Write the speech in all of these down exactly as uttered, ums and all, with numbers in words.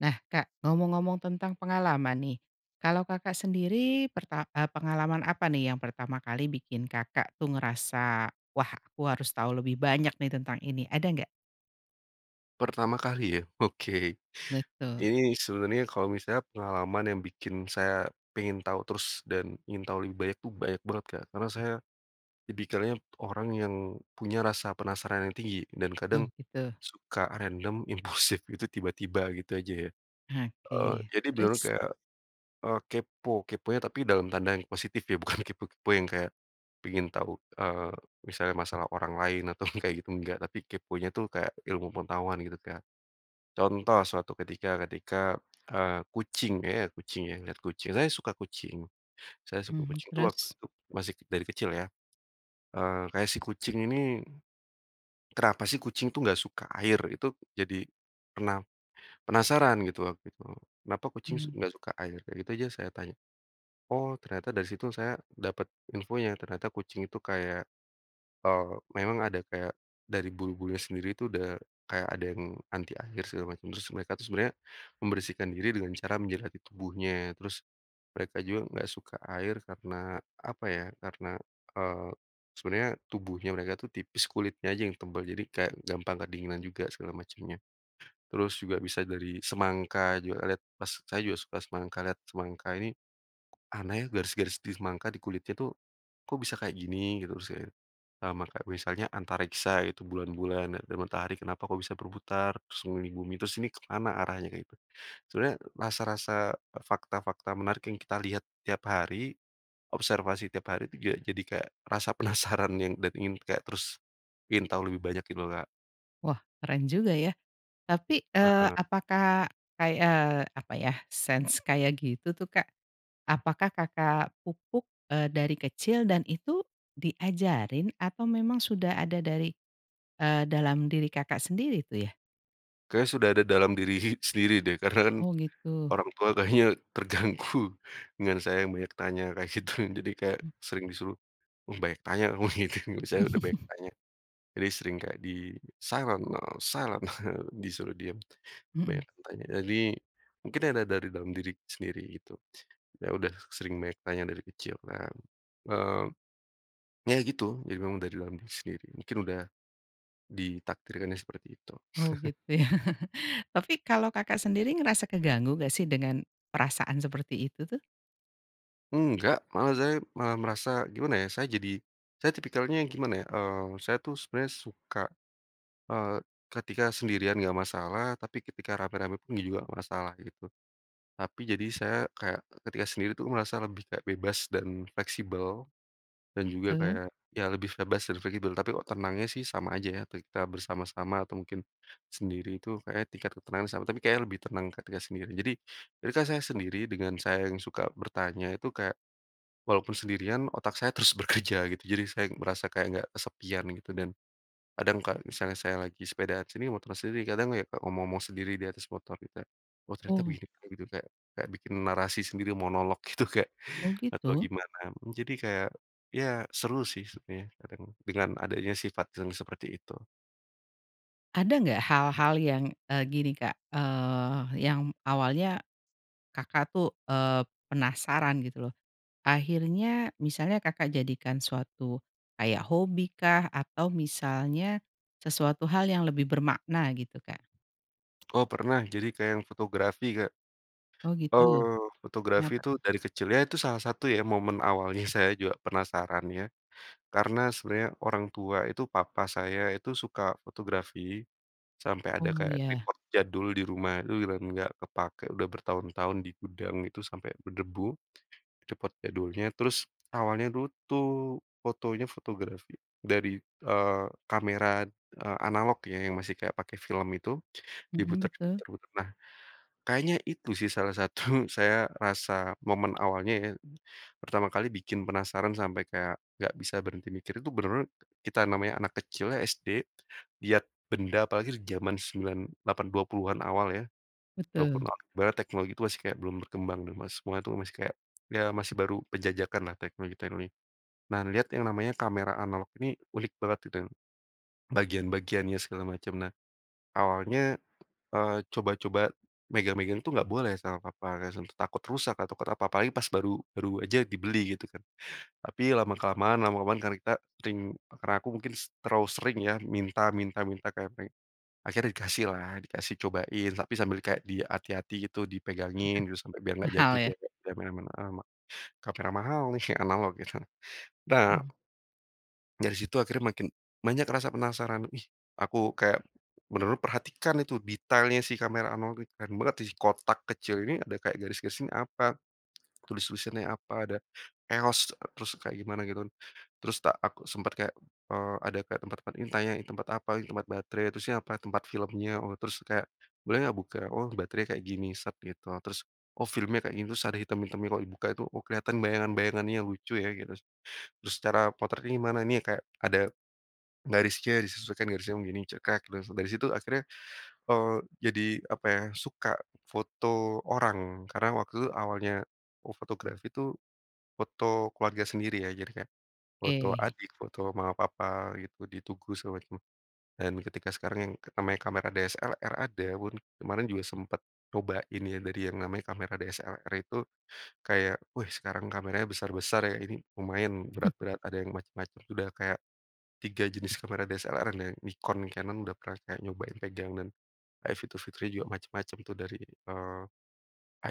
Nah Kak ngomong-ngomong tentang pengalaman nih, kalau Kakak sendiri perta eee, pengalaman apa nih yang pertama kali bikin Kakak tuh ngerasa, "Wah aku harus tahu lebih banyak nih tentang ini." Ada nggak? Pertama kali ya? Oke. Betul. Ini sebenernya kalau misalnya pengalaman yang bikin saya pengen tahu terus dan ingin tahu lebih banyak itu banyak banget Kak karena saya, tipikalnya orang yang punya rasa penasaran yang tinggi dan Oh kadang, gitu. suka random impulsif itu tiba-tiba gitu aja ya. Eee, Oke jadi beneran terus? kayak, eee, kepo keponya tapi dalam tanda yang positif ya bukan kepo-kepo yang kayak, pengen tahu, eee, misalnya masalah orang lain atau yang kayak gitu enggak, tapi keponya itu kayak ilmu pengetahuan gitu kayak, contoh suatu ketika ketika, eee, kucing ya kucing ya, ngeliat kucing, saya suka kucing saya suka Mhm, kucing itu waktu terus? itu masih dari kecil ya, eee, kayak si kucing ini, kenapa sih kucing itu nggak suka air? Itu jadi pena penasaran gitu waktu itu, kenapa kucing s Mhm. enggak suka air? Kayak itu aja saya tanya. Oh ternyata dari situ saya dapat infonya ternyata kucing itu kayak, eee, memang ada kayak dari bulu-bulunya sendiri itu udah kayak ada yang anti air segala macam, terus mereka itu sebenarnya membersihkan diri dengan cara menjilati tubuhnya terus, mereka juga enggak suka air karena apa ya karena, eee, sebenernya tubuhnya mereka itu tipis kulitnya aja yang tebal jadi kayak gampang kedinginan juga segala macamnya, terus juga bisa dari semangka juga lihat pas saya juga suka semangka, lihat semangka ini, aneh garis-garis di semangka di kulitnya tuh, kok bisa kayak gini gitu usanya, eee, maka misalnya antariksa gitu, bulan-bulan dan dan matahari kenapa kok bisa berputar, terus mengelilingi bumi, terus ini kemana arahnya kayak itu? Sebenernya rasa-rasa, fakta-fakta menarik yang kita lihat tiap hari, observasi tiap hari itu jad jadi kayak rasa penasaran yang dan ingin kayak terus, ingin tahu lebih banyak gitu loh tidola. Wah keren juga ya, tapi, eee, Heeh. apakah kay eee, apa ya sense kayak gitu tuh Kak, apakah Kakak pupuk, eee, dari kecil dan itu diajarin atau memang sudah ada dari, eee, dalam diri Kakak sendiri itu ya? Kayaknya sudah ada dalam diri sendiri deh karena kan, Oh gitu. orang tua kayaknya terganggu dengan saya yang banyak tanya kayak gitu jadi kayak Mmm. sering disuruh, "Mmm, banyak tanya kamu," gitu, misanya udah banyak tanya, jadi sering kayak di silent, eee, silent, eee, disuruh diam, Mhm. banyak tanya tadi mungkin ada dari dalam diri sendiri gitu. Saya udah sering banyak tanya dari kecil nah, eee, ya gitu, jadi memang udah dari dalam diri sendiri mingkin udah, ditakdirkannya seperti itu. Oh gitu ya? Tapi kalau Kakak sendiri ngerasa keganggu gak sih dengan perasaan seperti itu tuh? Enggak, malah saya malah merasa gimana ya saya jadi saya tipikalnya gimana ya, eee, saya tuh sebenarnya suka, eee, ketika sendirian enggak masalah, tapi ketika rame-rame pun juga gak masalah gitu. Tapi jadi saya, kayak ketika sendiri tuh merasa lebih kayak bebas dan fleksibel, dan juga Heeh. kayak, ya lebih bebas dan fleksibel, tapi kok tenangnya sih sama aja ya ketika bersama-sama, atau mungkin sendiri itu kayaknya tingkat ketenangan sama, tapi kayaknya lebih tenang ketika sendiri. Jadi ketika saya sendiri dengan saya yang suka bertanya itu kayak, walaupun sendirian otak saya terus bekerja, gitu. Jadi saya merasa kayak enggak kesepian gitu, dan kadang kalo misalnya saya lagi sepedaan sini, motor siri, kadang ya Kak, ngomong-ngomong sendiri di atas motor kita. "Oh ternyata Oh. begini." Begitu, kayak kayak bikin narasi sendiri, monolog gitu, kayak Oh atau gitu? gimana. Mmm, jadi kayak, ya seru sih sebnya, kadang dengan adanya sifat yang seperti itu. Ada nggak hal-hal yang, eee, gini Kak, eee, yang awalnya Kakak tuh, eee, penasaran gitu loh. Akhirnya misalnya Kakak jadikan suatu kayak hobikah, atau misalnya sesuatu hal yang lebih bermakna gitu Kak? Oh, pernah. Jadi kayak yang fotografi, Kak. Oh gitu, Oh, fotografi kenapa? itu dari kecil, ya itu salah satu ya momen awalnya saya juga penasaran ya karena sebenarnya orang tua itu papa saya itu suka fotografi sampai ada Oh kayak ya. tripod jadul di rumah. Dulu di dan nggak kepakai, udah bertahun-tahun di gudang itu sampai berdebu, tripod jadulnya. Terus awalnya du tuh fotonya fotografi dari, eee, kamera, eee, analog ya yang masih kayak pakai film itu, Mhm, diputer betul. diputer-puter. Nah, kayaknya itu sih salah satu saya rasa momen awalnya ya, pertama kali bikin penasaran sampai kayak nggak bisa berhenti mikir. Itu benar kita namanya anak kecil ya, SD, lihat benda apalagi di zaman sembilan delapan dua puluhan awal ya, dua Betul. puluhan bar teknologi itu masih kayak belum berkembang dan mas semua itu masih kayak, ya masih baru penjajakanlah teknologi-teknologi. Nah, lihat yang namanya kamera analog ini unik banget gitu ya. Bagian-bagiannya segala macam. Nah, awalnya, eee, coba-coba megang-megang tuh nggak boleh sama papa [unintelligible] tuh takut rusak a takut apa, apalagi pas baru baru aja dibeli gitu kan. Tapi lama-kelamaan lama-kelamaan karena kita sering karena aku mungkin set terlalu sering ya minta minta minta kayak peng akhirnya dikasihlah, dikasih cobain. Tapi sambil kayak dihati-hati gitu, dipegangin gitu, sampai biar nggak jatuh, Mahal ya. dia [unintelligible] kamera mahal nih, analog gitu. Nah Hmm. dari situ akhirnya makin banyak rasa penasaran. Wih, aku kayak, menurut perhatikan itu detailnya sih kamera analog itu, keren banget, dih kotak kecil ini ada kayak garis-garis ini apa. Tulis-tulisannya apa? Ada EOS, terus kayak gimana gitu kan, terus tak aku sempat kayak, eee, ada kayak tempat-tempat ini tanya, "Ini tempat apa?" "Ini tempat baterai." "Terus ini apa?" "Tempat filmnya." Oh, terus kayak, "Boleh ga buka? Oh baterainya kayak gini." Set gitu. Ah terus, "Oh, filmnya kayak gini, terus ada hitam-hitamnya kalau dibuka itu. Oh, kelihatan bayangan-bayangannya lucu ya." gitus. "Terus cara potretnya gimana?" "Ini kayak ada garisnya disesuaikan garisnya begini." Cekrek. Dari si dari situ akhirnya, eee, jadi apa ya suka foto orang. Karena waktu itu awalnya o fotografi tuh, foto keluarga sendiri ya. Jadi kayak foto Oke. adik, foto mama papa gitu, di tugu segala macam. Dan ketika sekarang yang namanya kamera DSLR ada pun, kemarin juga sempat cobain ya, dari yang namanya kamera DSLR itu. Kayak, "Wih, sekarang kameranya besar-besar ya, Ini lumayan berat-berat, ada yang macem-macem." Sudah kayak tiga jenis kamera DSLR-nya Nikon, Canon udah pernah kayak nyobain pegang dan kayak fitur-fiturnya juga macam-macam tuh dari, eee,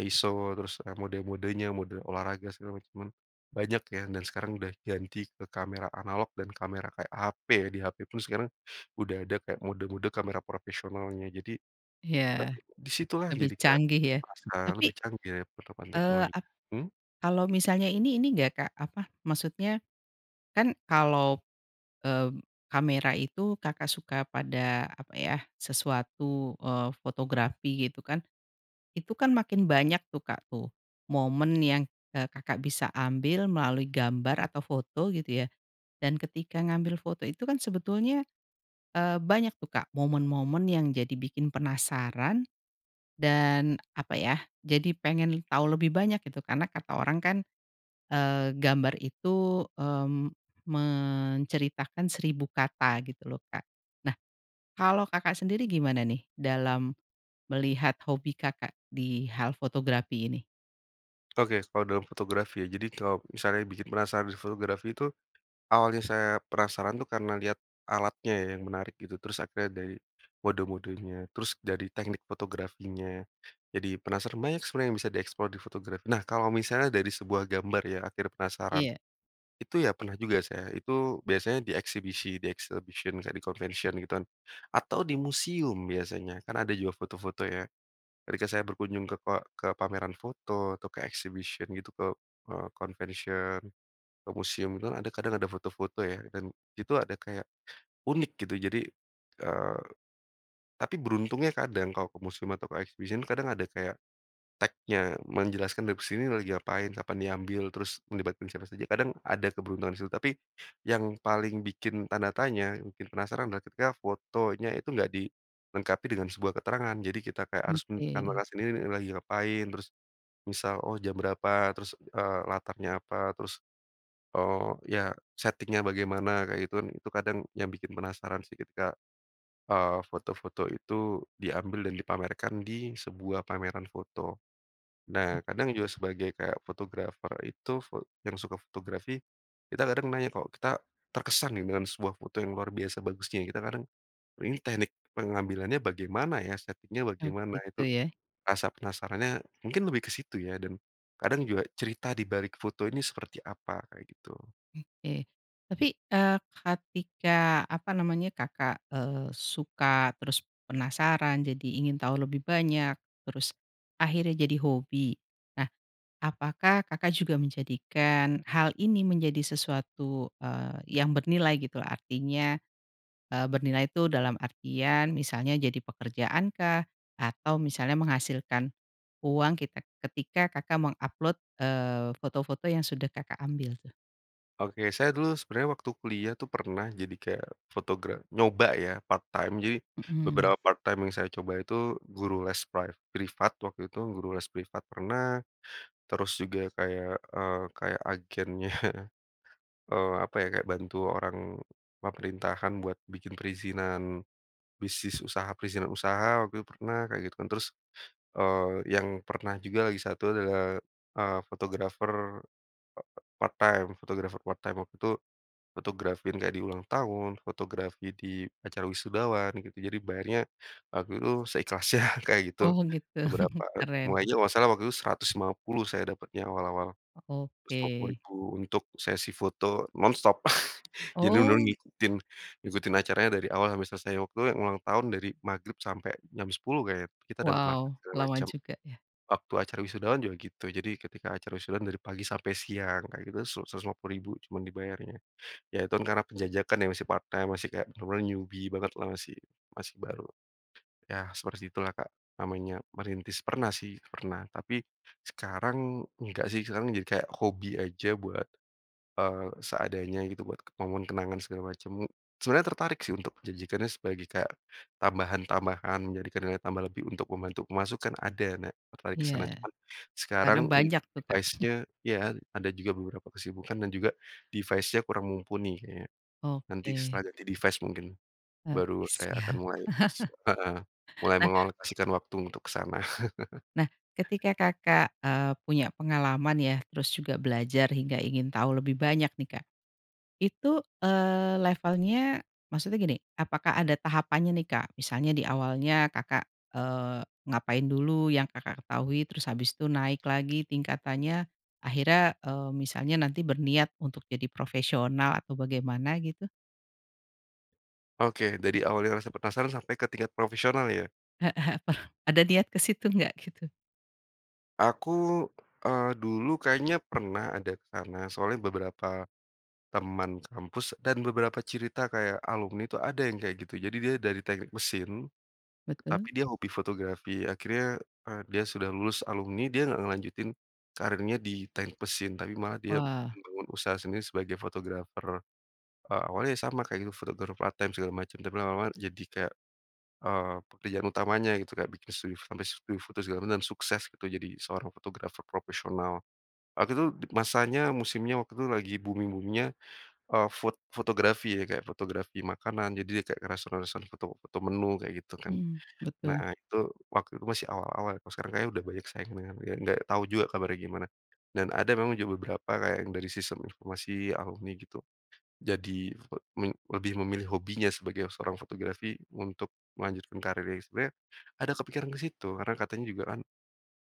ISO, terus, eee, mode-modenya, mode olahraga, segala macaman, banyak ya. Dan sekarang udah ganti ke kamera analog dan kamera kayak HP. Di HP pun sekarang udah ada kayak mode-mode kamera profesionalnya. Jadi, eee, Ya, di situlah, lebih jadi kayak canggih ya. rasa lebih Tapi, canggih ya penerapan eee, ap teknologinya hmm? kalau misalnya ini, ini nggak Kak? Apa, maksudnya kan kalau, mmm, kamera itu Kakak suka pada apa ya, sesuatu, eee, fotografi gitu kan. Itu kan makin banyak tuh Kak tuh, momen yang, eee, Kakak bisa ambil melalui gambar atau foto gitu ya, dan ketika ngambil foto itu kan sebetulnya, eee, banyak tuh Kak momen-momen yang jadi bikin penasaran dan apa ya, jadi pengen tau lebih banyak gitu karena kata orang kan, eee, gambar itu, mmm, menceritakan seribu kata gitu loh Kak. Nah kalau Kakak sendiri gimana nih dalam melihat hobi Kakak di hal fotografi ini? Okes kalau dalam fotografi ya? Jadi kalau misalnya bikin penasaran di fotografi itu awalnya saya penasaran tuh karena lihat alatnya yang menarik gitu. Terus akhirnya dari mode-modenya, terus dari teknik fotografinya. Jadi penasaran banyak sebenarnya yang bisa di-explore di fotografi nah kalau misalnya dari sebuah gambar ya, akhir penasaran. Iya. Itu ya pernah juga saya. Itu biasanya di eksibisi, di exhibition kan, di convention gitu kan. Atau di museum biasanya, kan ada juga foto-foto ya. Ketika saya berkunjung ke pa ke pameran foto, atau ke exhibition gitu, ke, eee, convention ke museum nah ada kadang ada foto-foto ya? Dan itu ada kayak unik gitu jadi, eee, tapi beruntungnya kadang kalau ke museum atau exhibition kadang ada kayak tagnya. Menjelaskan dari ke sini lagi ngapain, kapan diambil, terus melibat kan siapa saja. Kadang ada keberuntungan di situ. Tapi yang paling bikin tanda tanya, yang bikin penasaran adalah ketika fotonya itu nggak dilengkapi dengan sebuah keterangan. Jadi kita kayak Mmm, harus ke. menambahkan sendiri lagi ngapain, terus misal, oh jam berapa? Terus, eee, latarnya apa? Terus, eee, ya setting-nya bagaimana? Kayak gitu kan. Itu kadang yang bikin penasaran sih ketika, eee, foto-foto itu diambil dan dipamerkan di sebuah pameran foto. Mmm. Nah, kadang juga sebagai kayak fotografer itu fot yang suka fotografi, kita kadang nanya, kok kita terkesan nih dengan sebuah foto yang luar biasa bagusnya. Kita kadang "Ini teknik pengambilannya bagaimana ya? Setting-nya Oh bagaimana?" gitu Itu ya? rasa penasarannya mungkin lebih ke situ ya, dan kadang juga cerita di balik foto ini seperti apa? Kayak gitu. Oke. Tapi, eee, ketika apa namanya, Kakak, eee, suka terus penasaran, jadi ingin tahu lebih banyak. Terus akhirnya jadi hobi. Nah, apakah Kakak juga menjadikan hal ini menjadi sesuatu, eee, yang bernilai gitu loh. Artinya, eee, bernilai itu dalam artian misalnya jadi pekerjaan kah? Atau misalnya menghasilkan uang kitek ketika Kakak meng-upload eee, foto-foto yang sudah Kakak ambil tuh? Oke, saya dulu sebenarnya waktu kuliah tuh pernah jadi kayak fotograf nyoba ya part-time Jadi, Mhm. bebera part-time yang saya coba itu guru les priv privat waktu itu guru les privat pernah. Terus juga kayak, eee, kayak agennya eee, apa ya? Kayak bantu orang pemerintahan buat bikin perizinan, bisnis usaha, perizinan usaha waktu itu pernah kaya gitu kan. Terus, eee, yang pernah juga lagi satu adalah, eee, fotografer, eee, part-time, Fotografer part-time waktu itu fotografin kayak di ulang tahun, fotografi di acara wisudawan gitu. Jadi bayarnya waktu itu seikhlasnya kayak gitu. Oh gitu Seberapa, eee, keren. mulainya kalau nggak salah waktu itu seratus lima puluh saya dapatnya, awal-awal. seratus lima puluh Oke. ribu untuk sesi foto non stop. Jadi dulu Oh. ngikutin ngikutin acaranya dari awal sampai selesai. Waktu itu yang ulang tahun dari magrib sampai jam sepuluh kayaknya, kita dapat makan Wow, segala lama macam. juga ya? Waktu acara wisudawan juga gitu. Jadi ketika acara wisudawan dari pagi sampai siang, kayak gitu seras seratus lima puluh ribu cuma dibayarnya. Ya, itu kan karena penjajakan ya, masih part-time, masih kayak bener-bener newbie banget lah, masih masih baru. Ya seperti itulah, Kak, namanya merintis. Pernah sih, pernah tapi sekarang, nggak sih, sekarang jadi kayak hobi aja buat, eee, seadanya gitu, buat ke momen kenangan segala macam. Sebenarnya tertarik sih untuk menjajikannya sebagai kayak tambahan-tambahan, jadi kek nilai tambah lebih untuk membantu pemasukan, ada. Nah tertarik ke Iya. sana, cuman sekarang Karena un banyak tuh, Kak. device-nya ya ada juga beberapa kesibukan dan juga device-nya kurang mumpuni ya. Nanti Oke. setelah ganti device mungkin baru Oke saya akan siap mulai s heeh. Mulai Nah mengalokasikan waktu untuk ke sana. nah ketika Kakak, eee, punya pengalaman ya? Terus juga belajar hingga ingin tahu lebih banyak nih, Kak. Itu, eee, levelnya maksudnya gini, apakah ada tahapannya nih Kak? Misalnya di awalnya Kakak, eee, ngapain dulu yang Kakak ketahui terus habis itu naik lagi tingkatannya. Akhirnya, eee, misalnya nanti berniat untuk jadi profesional atau bagaimana gitu? Oke, dari awalnya rasa penasaran sampai ke tingkat profesional ya? Heeh Apa ada niat ke situ nggak? Gitu Aku, eee, dulu kayaknya pernah ada ke sana soalnya beberapa teman sekampus dan beberapa cirita kayak alumni itu ada yang kayak gitu. Jadi dia dari teknik mesin, tapi Betul. dia hobi fotografi. Akhirnya, eee, dia sudah lulus alumni, dia nggak ngelanjutin karirnya di teknik mesin. Tapi malah dia Wah. membangun usaha sendiri sebagai fotografer. Eee, awalnya ya sama kaya fotografer part-time segala macem, tapi lama-lama jadi kayak, eee, pekerjaan utamanya gitu. Kayak bikin studio sampe sudio foto segala macem, sukses gitu jadi seorang fotografer profesional. Waktu itu di masanya, musimnya waktu itu lagi booming-booming-nya eee, fot fotografi ya? Kayak fotografi makanan, jadi dia kayak ke restoran-restoran, foto foto menu kayak gitu kan. Mmm, Nah betul. itu, waktu itu masih awal-awal kalo sekarang kayaknya udah banyak saingannya, dan nggak tahu juga kabarnya gimana. Dan ada memang juga beberapa kayak yang dari sistem informasi alumni gitu. Jadi be men lebih memilih hobinya sebagai seorang fotografi untuk melanjutkan karirnya. Sebenernya ada kepikiran ke situ, karena katanya juga kan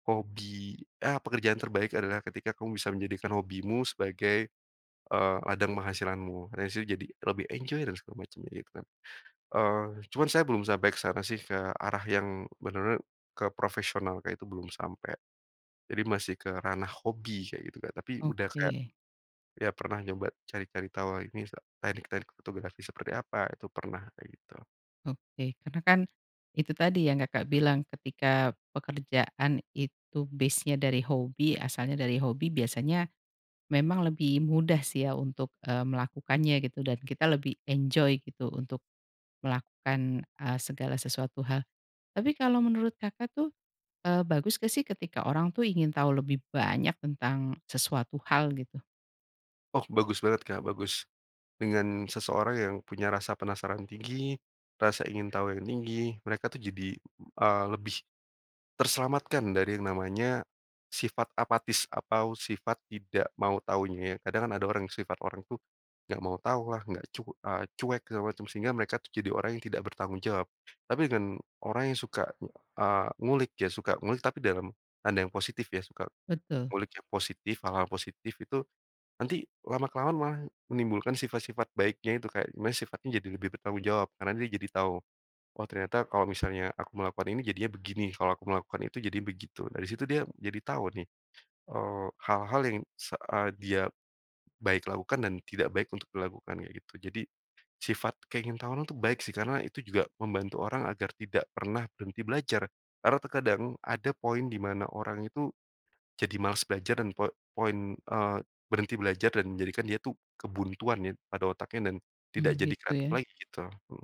hobi, "Ah pekerjaan terbaik adalah ketika kamu bisa menjadikan hobimu sebagai," eee, "ladang penghasilanmu. Rasanya itu jadi lebih enjoy dan segala macemnya," gitu kan? Eee, cuman saya belum sampai ke sana sih, ke arah yang bener ner ke profesional kayak itu belum sampe. Jadi masih ke ranah hobi kayak gitu kan. Tapi, udah kayak, Oke. ya pernah nyoba cari-cari tahu lah misal teknik-teknik fotografi seperti apa, Itu pernah kayak gitu. Oke. Karena kan itu tadi yang, Kakak bilang ketika pekerjaan itu base-nya dari hobi, asalnya dari hobi biasanya memang lebih mudah sih ya untuk, eee, melakukannya gitu dan kita lebih enjoy gitu untuk melakukan, eee, segala sesuatu hal. Tapi kalau menurut Kakak tuh, eee, bagus nggak sih ketika orang tuh ingin tahu lebih banyak tentang sesuatu hal gitu? Oh bagus banget, Kak bagus. Dengan seseorang yang punya rasa penasaran tinggi, rasa ingin tahu yang tinggi, mereka tuh jadi, eee, lebih terselamatkan dari yang namanya sifat apatis atau sifat tidak mau tahunya ya. Kadang kan ada orang yang sifat orang tuh nggak mau tahu lah, nggak cu eee, cuek segala macam. Sehingga mereka tuh jadi orang yang tidak bertanggung jawab. Tapi den orang yang suka, eee, ngulik, dia suka ngulik, tapi dalam tanda yang positif ya, suka Betul. ngulik yang positif, hal-hal positif itu nanti lama-kelamaan maah menimbulkan sifat-sifat baiknya itu, kayak di mana sifatnya jadi lebih bertanggung jawab. Karena dia jadi tahu, "Oh ternyata kalau misalnya aku melakukan ini jadinya begini. Kalau aku melakukan itu jadinya begitu." Dari situ dia jadi tahu nih, eee, hal-hal yang saat dia baik lakukan dan tidak baik untuk dilakukan kayak gitu. Jadi, sifat keingintahuannya itu baik sih karena itu juga membantu orang agar tidak pernah berhenti belajar. Karena terkadang ada poin di mana orang itu jadi malas belajar dan po poin eee, berhenti belajar dan menjadikan dia tuh kebuntuan ya, pada otaknya, dan Mmm, tidak jadi gitu kreatif ya. lagi gitu.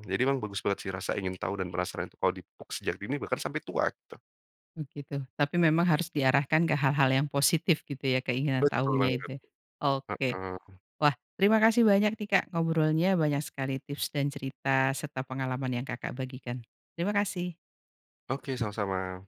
Jadi memang bagus banget sih rasa ingin tahu dan penasaran kalau di puk sejak dini bahkan sampai tua gitu. Mmm, gitu. Tapi memang harus diarahkan ke hal-hal yang positif gitu ya keinginan Betul tahunya banget, itu ya, oke. heeh. Wah terima kasih banyak nih, Kak ngobrolnya banyak sekali tips dan cerita serta pengalaman yang, Kakak bagikan. Terima kasih. Oke, sama-sama.